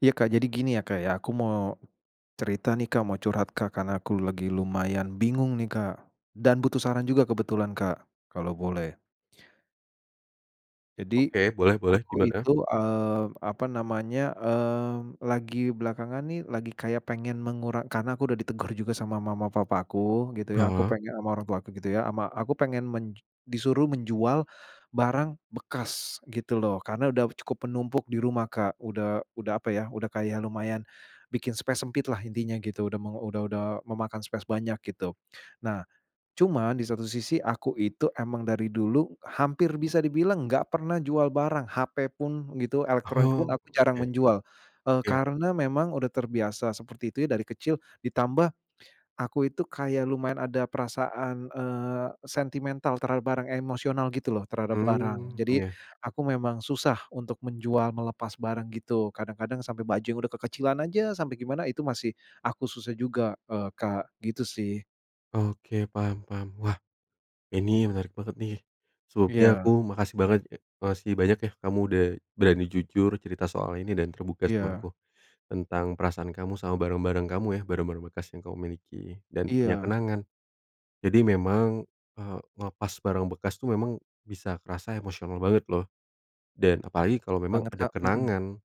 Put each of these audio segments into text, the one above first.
Iya Kak, jadi gini ya Kak, ya aku mau cerita nih Kak, mau curhat Kak, karena aku lagi lumayan bingung nih Kak, dan butuh saran juga kebetulan Kak, kalau boleh. Jadi, Oke, boleh boleh aku gimana? itu, eee, apa namanya, mmm, lagi belakangan nih lagi kayak pengen mengura karena aku udah ditegur juga sama mama papa aku, gitu ya, aku Heeh. penge ama orang tuaku gitu ya ama aku pengen menj disuruh menjual, barang bekas gitu loh karena udah cukup menumpuk di rumah Kak, udah udah apa ya udah kayak lumayan, bikin space sempit lah intinya gitu. Udah mau udah udah memakan space banyak gitu. Nah, cuman di satu sisi aku itu emang dari dulu hampir bisa dibilang enggak pernah jual barang hape pun gitu elektronik pun Oh aku jarang oke, menjual, eee, iya. karena memang udah terbiasa seperti itu ya dari kecil ditambah, aku itu kayak lumayan ada perasaan, eee, sentimental terhadap barang, emosional gitu loh terhadap barang. Mmm, Jadi, iya. aku memang susah untuk menjual, melepas barang gitu, kadang-kadang sampai baju yang udah kekecilan aja sampai gimana itu masih aku susah juga, eee, Kak, gitu sih. Oke, paham paham. Wah, ini menarik banget nih, sebelumnya aku Iya. makasih banget ya makasih banyak ya, kamu udah berani jujur cerita soal ini dan terbuka sama Iya. aku. Tentang perasaan kamu sama barang-barang kamu ya, barang-barang bekas yang kamu miliki dan punya Iya. kenangan. Jadi memang, eee, ngelepas barang bekas tuh memang bisa kerasa emosional banget loh. Dan apalagi kalau memang Banget, ada Kak, mhm. kenangan,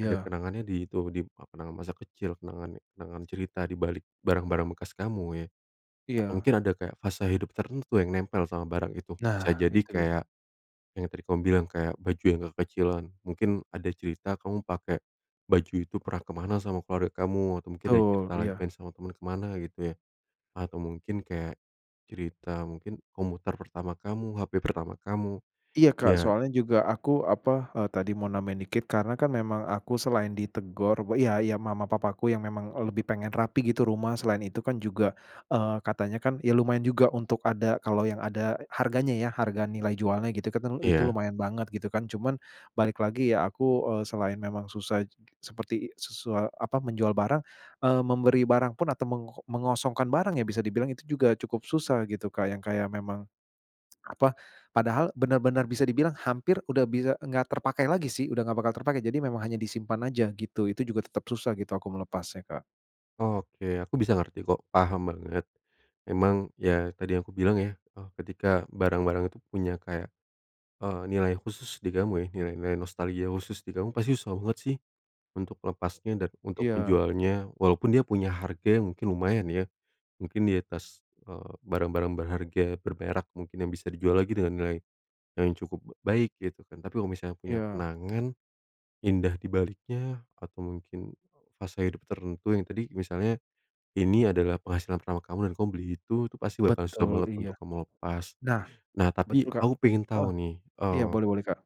ada kenangannya di itu, di apa namanya, masa kecil kenangannya, kenangan cerita di balik barang-barang bekas kamu ya. Nah, Iya. mungkin ada fase hidup tertentu yang nempel sama barang itu. Bisa Nah, jadi itu dia. kayak yang tadi kamu bilang, kayak baju yang kekecilan mungkin ada cerita kamu pakai baju itu pernah ke mana sama keluarga kamu atau mungkin ada Betul, cerita lagi iya. sama teman ke mana gitu ya. Atau mungkin kayak cerita mungkin komputer pertama kamu, HP pertama kamu, Iya, Kak, ya. soalnya juga aku, apa, eee, tadi mau nambahin dikit. Karena kan memang aku selain ditegur iya iya, mama, papaku yang memang, eee, lebih pengen rapi gitu rumah. Selain itu kan juga, eee, katanya kan, ya lumayan juga untuk ada, kalau yang ada harganya ya, harga nilai jualnya gitu kan, telu itu Iya. lumayan banget gitu kan. Cuman balik lagi, ya aku, eee, selain memang susah seperti susa apa, menjual barang, eee, memberi barang pun atau meng mengosongkan barang yang bisa dibilang itu juga cukup susah gitu, Kak, yang kayak memang apa, padahal bener-bener bisa dibilang hampir udah bisa enggak terpakai lagi sih, udah enggak bakal terpakai. Jadi memang hanya disimpan aja gitu. Itu juga tetep susah gitu aku melepasnya, Kak. Oke aku bisa ngerti kok paham banget. Emang ya tadi aku bilang ya, eh ketika barang-barang itu punya kayak, eee, nilai khusus di kamu ya, nilai-nilai nostalgia khusus di kamu, pasti susah banget sih untuk melepasnya dan untuk Iya. menjualnya, walaupun dia punya harga mungkin lumayan ya, mungkin di atas, eee, barang-barang berharga berberak mungkin yang bisa dijual lagi dengan nilai yang cukup baik gitu kan. Tapi kalau misalnya punya Iya. kenangan, indah di baliknya atau mungkin fase hidup tertentu yang tadi misalnya ini adalah penghasilan pertama kamu dan kamu beli itu, itu pasti bakal susah Betul banget iya. untuk kamu lepas. Nah, Nah tapi betul Kak. aku pengen Ah. tahu nih, Iya eee, boleh boleh Kak.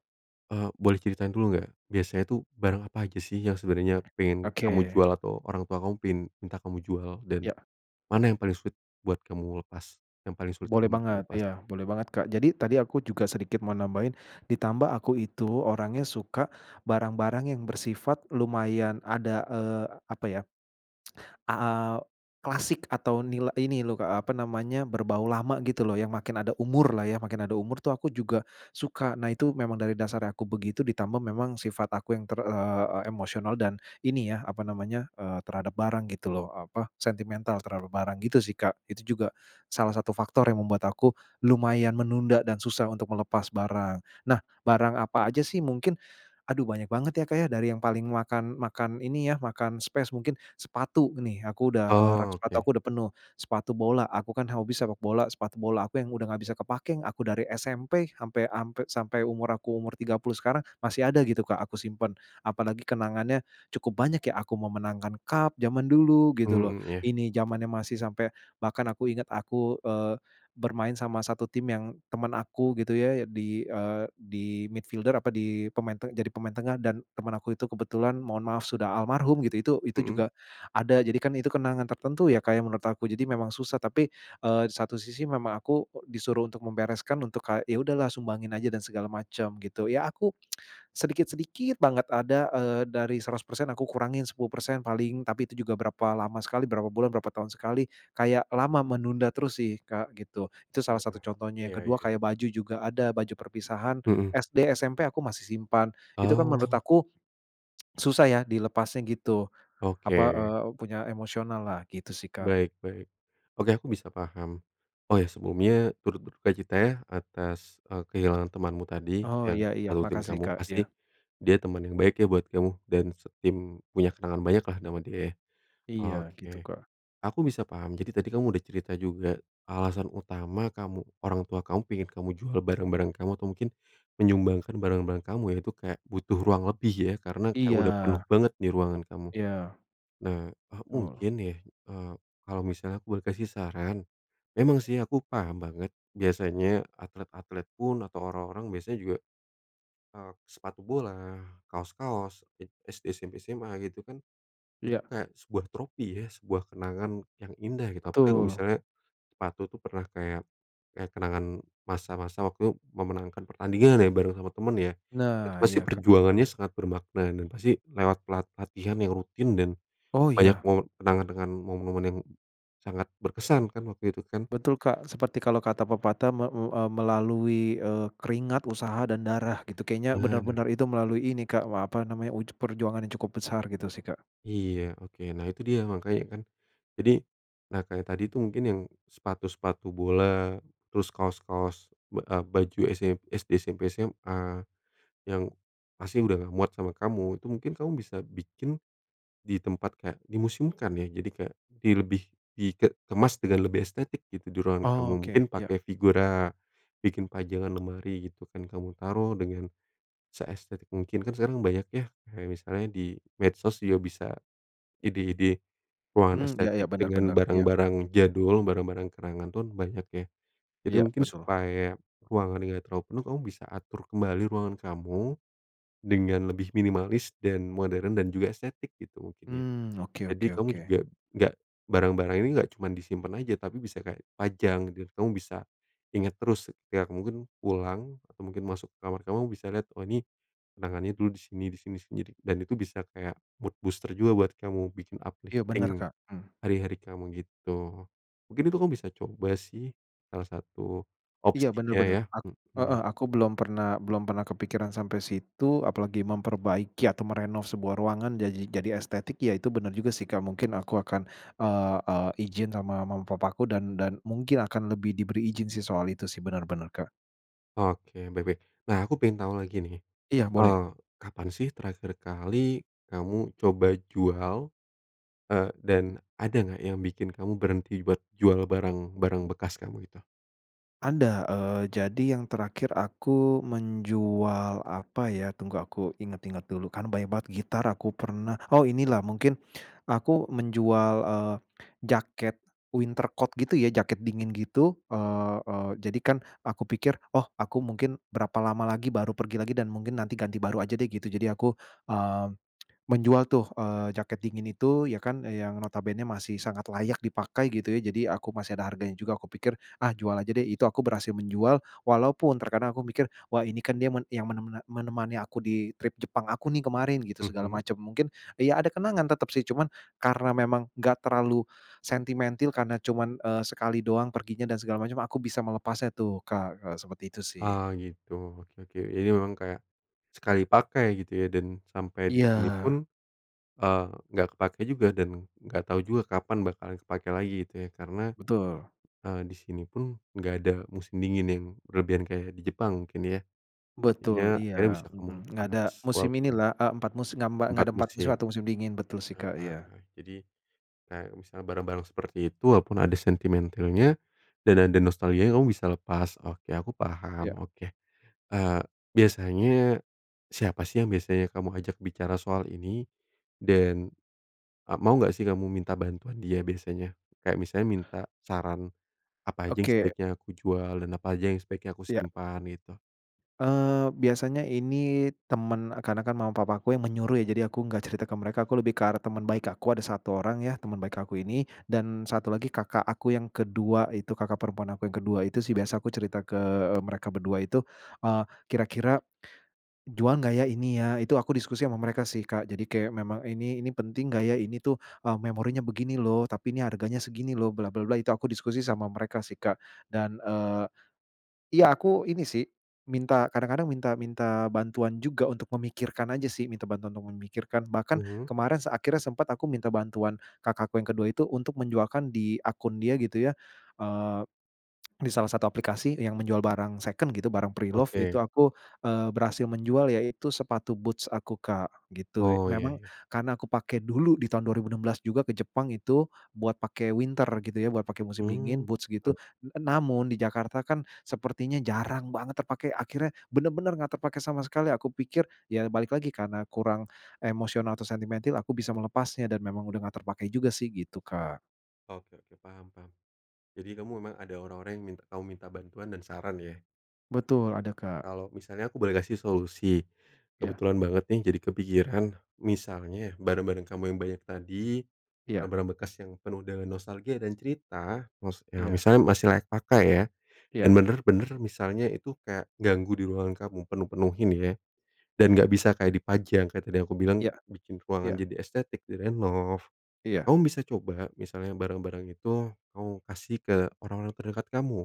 eee, boleh ceritain dulu enggak biasanya itu barang apa aja sih yang sebenarnya pengen kamu Oke. jual atau orang tua kamu pengen minta kamu jual? Dan Ya. mana yang paling sulit buat kamu lepas, yang paling sulit Boleh untuk banget. dilepas? Iya boleh banget Kak. Jadi tadi aku juga sedikit mau nambahin, ditambah aku itu orangnya suka barang-barang yang bersifat lumayan ada, eee, apa ya, a ah, klasik atau nila ini loh Kak apa namanya, berbau lama gitu loh yang makin ada umur lah ya, makin ada umur tuh aku juga suka. Nah itu memang dari dasarnya aku begitu ditambah memang sifat aku yang ter eee, emosional dan ini ya apa namanya, eee, terhadap barang gitu loh, apa sentimental terhadap barang gitu sih Kak. Itu juga salah satu faktor yang membuat aku lumayan menunda dan susah untuk melepas barang. Nah barang apa aja sih mungkin? Aduh banyak banget ya Kak ya, dari yang paling makan makan ini ya, makan space mungkin sepatu nih, aku udah, eee, rak sepatu Oke. aku udah penuh. Sepatu bola, aku kan hobi sepak bola, sepatu bola aku yang udah enggak bisa kepakai. Aku dari SMP sampai sampai sampai umur aku umur 30 sekarang masih ada gitu Kak aku simpen. Apalagi kenangannya cukup banyak ya, aku memenangkan cup jaman dulu gitu loh. Mmm iya. Ini jamannya masih sampai bahkan aku ingat aku, eee, bermain sama satu tim yang temen aku gitu ya di, eee, di midfielder apa, di pemain te jadi pemain tengah dan teman aku itu kebetulan, mohon maaf sudah almarhum gitu itu itu Mhm. juga ada. Jadi kan itu kenangan tertentu ya Kak ya, menurut aku jadi memang susah. Tapi, eee, di satu sisi memang aku disuruh untuk membereskan untuk ka ya udah lah sumbangin aja dan segala macem gitu. Ya aku sedikit-sedikit banget ada, eee, dari 100% aku kurangin 10% paling. Tapi itu juga berapa lama sekali, berapa bulan berapa tahun sekali. Kayak lama menunda terus sih Kak gitu. Itu salah satu Heeh. contohnya. Yang Iya kedua iya. kayak baju juga ada baju perpisahan Mhm. SD, SMP aku masih simpan. Itu kan menurut Oh. aku susah ya dilepasnya gitu. Apa, Oke. eee, punya emosional lah gitu sih Kak. Baik baik. Oke aku bisa paham. Oh ya sebelumnya turut berdukacita ya atas, eee, kehilangan temanmu tadi Oh. Iya yang iya. satu tim Makasih kamu. Kak, Pasti iya. dia teman yang baik ya buat kamu dan setim punya kenangan banyak lah nama dia ya. Iya gitu Oke. Kak. Aku bisa paham jadi tadi kamu udah cerita juga alasan utama kamu orang tua kamu pengen kamu jual barang-barang kamu atau mungkin menyumbangkan barang-barang kamu ya, itu kayak butuh ruang lebih ya karena kayak Iya. udah penuh banget di ruangan kamu. Iya. Nah, eee, Oh. mungkin ya, eee, kalau misalnya aku boleh kasih saran, memang sih aku paham banget biasanya atlet-atlet pun atau orang-orang biasa juga, eee, sepatu bola, kaos-kaos e SD, SMP, SMA gitu kan. Itu Iya. kayak sebuah trofi ya, sebuah kenangan yang indah gitu. Apalagi kalau Betul. misalnya sepatu itu pernah kayak kayak kenangan masa-masa waktu memenangkan pertandingan ya, bareng sama temen ya, Nah, itu pasti iya Kak perjuangannya sangat bermakna dan pasti lewat pelat pelatihan yang rutin dan Oh banyak ya. mome kenangan dengan momen-momen yang sangat berkesan kan waktu itu kan. Betul Kak seperti kalau kata pepatah me u eee, melalui, eee, keringat usaha dan darah gitu. Kayaknya Nah. benar-benar itu melalui ini Kak wah apa namanya uj perjuangan yang cukup besar gitu sih Kak. Iya oke. Nah itu dia makanya kan. Jadi nah kayak tadi tuh mungkin yang sepatu-sepatu bola, terus kaos-kaos ba eee, baju ese SD, SMP, SMA yang pasti udah enggak muat sama kamu, itu mungkin kamu bisa bikin di tempat kayak dimuseumkan ya. Jadi kayak, di lebih di ke kemas dengan lebih estetik gitu di ruangan kamu, mungkin Oke iya. pakai figura, bikin pajangan lemari gitu kan kamu taruh dengan, seestetik mungkin, kan sekarang banyak ya kayak misalnya di medsos juga bisa ide-ide ruangan Hmm, iya iya estetik bener dengan bener, iya. barang-barang jadul, barang-barang kenangan pun banyak ya. Jadi Iya, mungkin betul. supaya ruangannya enggak terlalu penuh, kamu bisa atur kembali ruangan kamu dengan lebih minimalis dan modern dan juga estetik gitu mungkin ya. Hmm. Oke Jadi oke kamu oke. juga gak barang-barang ini enggak cuma disimpen aja, tapi bisa kayak pajang gitu ya, kamu bisa, inget terus, ya mungkin pulang atau mungkin masuk ke kamar kamu bisa lihat, oh nih kenangannya dulu di sini di sini sendiri, dan itu bisa kayak mood booster juga buat kamu, bikin Iya bener uplifting Kak, mmm. hari-hari kamu gitu. Mungkin itu kamu bisa coba sih salah satu Iya bener opsinya bener ya, ak heeh, mhm. aku belum pernah belum pernah kepikiran sampai situ. Apalagi memperbaiki atau merenov sebuah ruangan jadi jadi estetik, ya itu bener juga sih Kak. Mungkin aku akan, eee eee, ijin sama mama papaku dan dan mungkin akan lebih diberi ijin sih soal itu sih, bener bener Kak. Oke. Baik baik. Nah, aku pengen tahu lagi nih. Iya boleh. Eee, kapan sih terakhir kali kamu coba jual? Eee, dan ada nggak yang bikin kamu berhenti buat jual barang-barang bekas kamu itu? Ada, eee, jadi yang terakhir aku menjual apa ya, tunggu aku inget-inget dulu, kan banyak banget gitar aku pernah. Oh, ini lah mungkin aku menjual, eee, jaket winter coat gitu ya, jaket dingin gitu. Eee eee, jadi kan aku pikir, "Oh aku mungkin berapa lama lagi baru pergi lagi dan mungkin nanti ganti baru aja deh," gitu. Jadi aku, eee, menjual tuh, eee, jaket dingin itu ya kan yang notabennya masih sangat layak dipakai gitu ya. Jadi aku masih ada harganya juga. Aku pikir, "Ah jual aja deh," itu aku berhasil menjual walaupun terkadang aku mikir, "Wah ini kan dia men yang mene mene menemani aku di trip Jepang aku nih kemarin," gitu segala Mhm. macem. Mungkin ya ada kenangan tetep sih. Cuman karena memang enggak terlalu sentimentil karena cuman, eee, sekali doang perginya dan segala macem aku bisa melepasnya tuh, Kak, eee, seperti itu sih. Oh gitu. Oke oke. Jadi memang kayak sekali pakai gitu ya dan sampai di sini pun, Iya. eee, nggak kepakai juga dan enggak tahu juga kapan bakalan kepakai lagi gitu ya. Karena, Betul. eee, di sini pun enggak ada musim dingin yang berlebihan kayak di Jepang mungkin ya. Jadinya Betul. kayaknya bisa Iya. kemu Mhm. Enggak panas ada musim ini walaupun lah, eee, 4 musim gambak nggak 4 ada 4 musim musim. atau musim dingin. Betul sih, Heeh Kak. Iya. heeh. Jadi kayak misalnya barang-barang seperti itu walaupun ada sentimentilnya dan ada nostalgianya kamu bisa lepas. Oke, aku paham, Iya. oke. Eee, biasanya siapa sih yang biasanya kamu ajak bicara soal ini dan, eee, mau enggak sih, kamu minta bantuan dia biasanya? Kayak misalnya minta saran, "Apa aja yang Oke. sebaiknya aku jual dan apa aja yang sebaiknya aku Iya. simpan," gitu. Eee, biasanya ini temen e karena kan mama-papaku yang menyuruh ya, jadi aku enggak cerita ke mereka. Aku lebih ke arah teman baik aku, ada 1 orang ya, teman baik aku ini. Dan 1 lagi kakak aku yang ke-2 itu, kakak perempuan aku yang ke-2 itu sih, biasa aku cerita ke, eee, mereka berdua itu. Eee, "Kira-kira, jual nggak ya, ini ya?" itu aku diskusi sama mereka sih, Kak. Jadi kayak memang, "Ini ini penting gak ya? Ini tuh, eee, memorinya begini loh. Tapi ini harganya segini loh, bla bla bla," itu aku diskusi sama mereka sih, Kak. Dan, eee, iya, aku ini sih, minta kadang-kadang minta minta bantuan juga untuk memikirkan aja sih, minta bantuan untuk memikirkan. Bahkan, Mhm. kemarin se akhirnya sempet aku minta bantuan kakakku yang ke-2 itu, untuk menjualkan di akun dia gitu ya, eee, di salah satu aplikasi yang menjual barang second gitu, barang preloved. Oke. Itu aku, eee, berhasil menjual, yaitu sepatu boots aku Kak, gitu ya. Oh. Iya Memang, iya. karena aku pake dulu di tahun 2016 juga ke Jepang, itu buat pake winter gitu ya, buat pake musim dingin, Hmm. boots gitu. Oh N namun di Jakarta kan, sepertinya jarang banget terpakai. Akhirnya, bener-bener enggak terpakai sama sekali. Aku pikir, ya balik lagi karena kurang emosional, atau sentimentil, aku bisa melepasnya, dan memang udah enggak terpakai juga sih, gitu Kak. Oke oke, paham paham. Jadi, kamu memang ada orang-orang yang mint kamu minta bantuan dan saran, ya? Oke. Betul, ada Kak. Kalau misalnya aku boleh kasih solusi. Iya. Kebetulan banget nih jadi kepikiran, misalnya barang-barang kamu yang banyak tadi, Iya. barang-barang bekas yang penuh dengan nostalgia dan cerita, maksudnya Iya. misalnya masih layak pakai ya, dan Iya. benar-benar, misalnya itu kayak ganggu di ruangan kamu penuh-penuhin, ya. Dan, enggak Mhm. bisa kayak dipajang kayak tadi aku bilang Iya, bikin ruangan iya. jadi estetik direnov. Iya. Kamu bisa coba, misalnya barang-barang itu kamu kasih ke orang-orang terdekat kamu,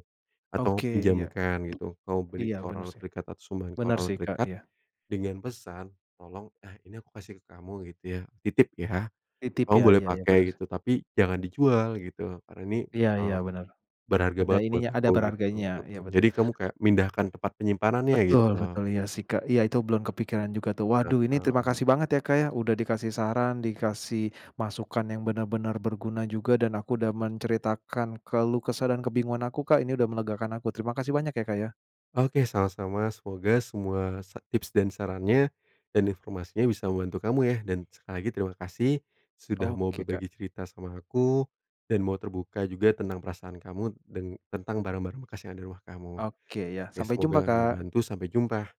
atau Oke, iya. pinjamkan gitu, kamu beri Iya, ke benar orang-orang sih. terdekat, atau sumbangkan ke Benar orang-orang sih Kak, terdekat iya. dengan pesan, "Tolong eh, ini aku kasih ke kamu gitu, ya. Titip, ya. Titip, Kamu ya. boleh Iya iya, pakai benar sih. gitu, tapi jangan dijual gitu, karena ini, Iya iya, eee, benar. berharga Ada banget buat ininya, ada aku," gitu. berharganya, iya, Heeh, betul. jadi, kamu kayak mindahkan tempat penyimpanannya, Betul gitu. betul. Iya, sih, Kak. Iya, itu belum kepikiran juga, tuh. Waduh, ini terima Mhm. kasih banget ya Kak ya, udah dikasih saran, dikasih masukan yang benar-benar berguna juga, dan aku udah menceritakan keluh kesah dan kebingungan aku, Kak. Ini udah melegakan aku. Terima kasih banyak ya Kak ya. Oke, sama-sama. Semoga semua sa tips dan sarannya, dan informasinya bisa membantu kamu, ya. Dan, sekali lagi, terima kasih sudah mau Oke, Kak. berbagi cerita sama aku, dan mau terbuka juga tentang perasaan kamu deng tentang barang-barang bekas yang ada di rumah kamu. Oke, iya. Oke, Sampai jumpa, semoga Kak! membantu. Sampai jumpa!